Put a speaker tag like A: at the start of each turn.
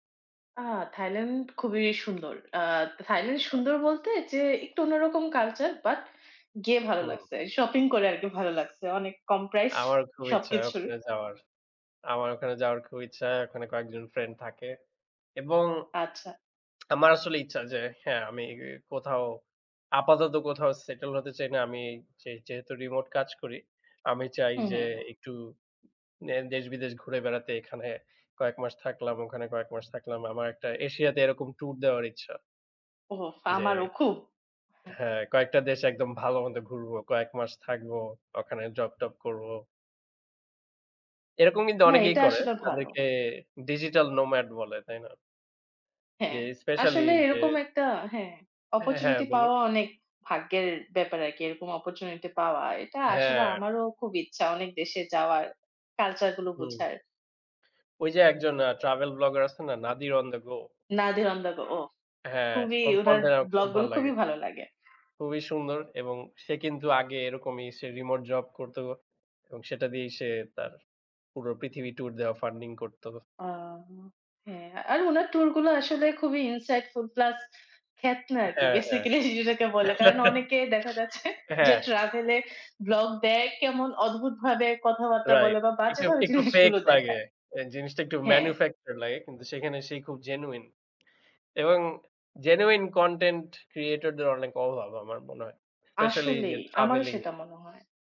A: আহ! Thailand খুবই সুন্দর। আহ! Thailand সুন্দর বলতে যে একটু অন্যরকম culture, but গিয়ে ভালো
B: হুম।
A: লাগছে। Shopping করে আরকি ভালো লাগছে অনেক কম price
B: আমার খুব ইচ্ছা
A: সবকিছুর।
B: ওখানে যাওয়ার। আমার ওখানে যাওয়ার খুব ইচ্ছা। ওখানে কয়েকজন friend থাকে এবং
A: আচ্ছা।
B: আমার আসলে ইচ্ছা যে হ্যাঁ, আমি কোথাও আপাতত কোথাও settle হতে চাই না। আমি যে যেহেতু remote কাজ করি, আমি চাই
A: হুম,
B: যে
A: হুম, হুম।
B: একটু এ দেশ-বিদেশ ঘুরে বেড়াতে। এখানে কয়েক মাস থাকলাম, ওখানে কয়েক মাস থাকলাম। আমার একটা এশিয়াতে এরকম tour দেওয়ার ইচ্ছা।
A: ওহো!
B: যে
A: ফাম আর ওখু?
B: হ্যাঁ, কয়েকটা দেশ একদম ভালোমতো ঘুরবো, কয়েক মাস থাকবো, ওখানে job টব করবো। এরকম কিন্তু
A: না
B: অনেকেই
A: এটা
B: করে।
A: আসলে ভালো।
B: তাদেরকে digital nomad বলে, তাই না? যে
A: হ্যাঁ,
B: specially
A: আসলে
B: যে
A: এরকম একটা হ্যাঁ,
B: হ্যাঁ,
A: opportunity
B: বলুন।
A: পাওয়া অনেক ভাগ্যের ব্যাপার আরকি। এরকম opportunity পাওয়া এটা আসলে
B: হ্যাঁ।
A: আমারও খুব ইচ্ছা অনেক দেশে যাওয়ার, culture গুলো
B: হুম।
A: বোঝার।
B: ওই যে একজন আ travel blogger আছে না,
A: [unintelligible]
B: Nadir on the go?
A: Nadir on the go! ওহ!
B: হ্যাঁ,
A: খুবই
B: ওর
A: ওনার
B: content আমার খুব
A: vlog গুলো
B: ভালো লাগে।
A: খুবই ভালো লাগে।
B: খুবই সুন্দর এবং সে কিন্তু আগে এরকমই, সে remote job করতো এবং সেটা দিয়েই সে তার পুরো পৃথিবী tour দেওয়া funding করতো।
A: আহ হ্যাঁ, আর ওনার tour গুলা আসলে খুবই insightful plus ক্ষেত না আরকি
B: হ্যাঁ, হ্যাঁ।
A: basically যেটাকে বলে। কারণ অনেকের দেখা যাচ্ছে যে
B: হ্যাঁ।
A: travel এর vlog দেয়, কেমন অদ্ভুতভাবে কথাবার্তা বলে
B: Right
A: বা
B: এটা
A: বাজেভাবে
B: একটু
A: জিনিসগুলো
B: fake লাগে।
A: দেখায়।
B: এ জিনিসটা একটু
A: হ্যাঁ।
B: manufactured লাগে। কিন্তু সেখানে সে খুব genuine এবং genuine content creator দের অনেক অভাব আমার মনে হয়। Especially এইযে
A: আসলেই, আমারও
B: travelling এ।
A: সেটা মনে হয়।